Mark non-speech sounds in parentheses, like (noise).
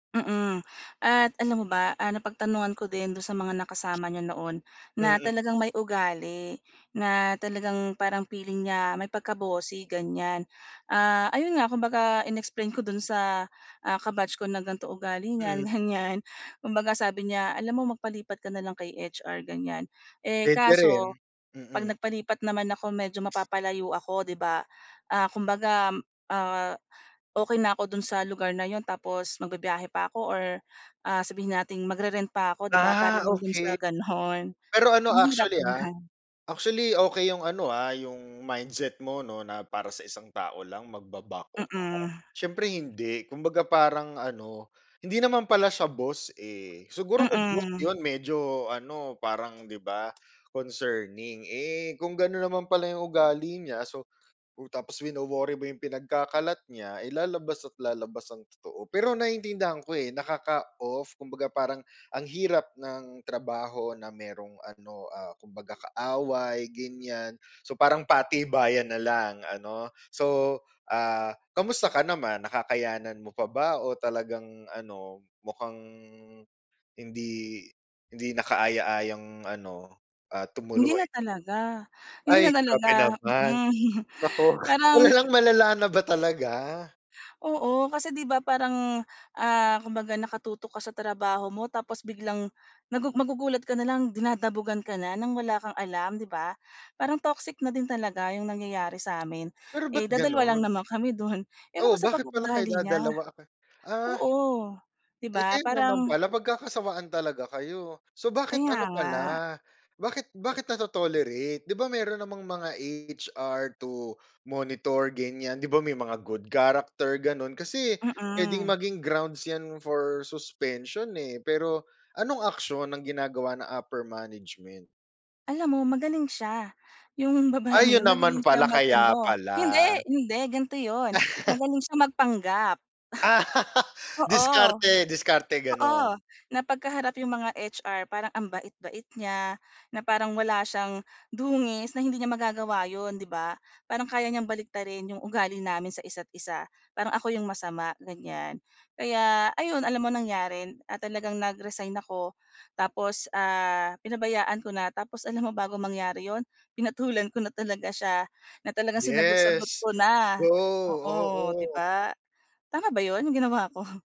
Mm, at alam mo ba, ah, napagtanungan ko din do'n sa mga nakasama niya noon na Mm. talagang may ugali na talagang parang feeling niya may pagka-bossy ganyan. Ah, ayun nga kumbaga in-explain ko do'n sa, ah, ka-batch ko na gan'to ugali niyan Mm. ganyan, kumbaga sabi niya, "alam mo magpalipat ka na lang kay HR," ganyan. Eh, Puwede kaso rin, 'pag mm. nagpalipat naman ako medyo mapapalayo ako 'di ba? Ah, kumbaga, ah, okey na ako do'n sa lugar na yun tapos magbibiyahe pa ako or, ah, sabihin natin magre-rent pa ako 'di ba, para Ah, lang do'n okey. sa gano'n, Pero ano ang hirap actually, ah, naman. actually, okey yung ano, ah, yung mindset mo 'no, na para sa isang tao lang magba-back off ka? Mm. Siyempre hindi kumbaga parang ano hindi naman pala siya boss, eh, siguro ko boss Mm. yun medyo ano parang 'di ba, concerning, eh, kung gano'n naman pala yung ugali niya, so tapos wino-worry mo yung pinagkakalat niya, eh, lalabas at lalabas ang totoo. Pero naiintindihan ko, eh, nakaka-off. Kumbaga parang ang hirap ng trabaho na mayrong ano, ah, kumbaga kaaway, ganyan. So parang patibayan na lang, ano? So, ah, kamusta ka naman nakakayanan mo pa ba o talagang ano mukhang hindi hindi nakaaya-ayang ano, ah, Hindi na tumuloy? talaga, hindi na Ay! nga lang Grabe na naman. mm. (chuckles) Nako, Parang malalang-malala na ba talaga? Oo, kasi 'di ba, parang, ah, kumbaga nakatutok ka sa trabaho mo tapos biglang nagugu magugulat ka nalang dinadabugan ka na ng wala kang alam 'di ba? Parang toxic na din talaga yung nangyayari sa amin. Pero Eh, ba't dadalawa lang gano'n? naman kami do'n. Ewan Oh! ko sa pag Bakit pala kayo ugali niya. dadalawa? Ah. Oo. 'Di Eh, ba? kaya naman Parang pala magkakasawaan talaga kayo. So, bakit Kaya ano nga. pala bakit bakit nato-tolerate 'di ba, mayro'n namang mga HR to monitor ganyan, 'di ba may mga good character gano'n kasi puwedeng Mm. maging grounds for suspension, eh, pero anong aksyon ang ginagawa ng upper management? Alam mo magaling siya. Yung babaeng Ayun yun magaling naman siya pala, mag kaya ano. Hinde! pala. Hinde, gan'to yun, (laughs) magaling siya magpanggap. (laughs) Oo. Diskarte! Diskarte, Oo! gano'n. Na 'pagka harap yung mga HR parang ang bait-bait niya, na parang wala siyang dungis na hindi niya magagawa 'yon 'di ba? Parang kaya niyang baliktarin yung ugali namin sa isa't-isa, parang ako yung masama, ganyan. Kaya ayun alam mo nangyari? Ah, talagang nag-resign ako tapos, ah, pinabayaan ko na tapos alam mo bago mangyari 'yon? Pinatulan ko na talaga siya, na talagang sinagot-sagot Yes. ko na. Go, Oo, 'di oo. ba? Tama ba 'yon, yung ginawa ko?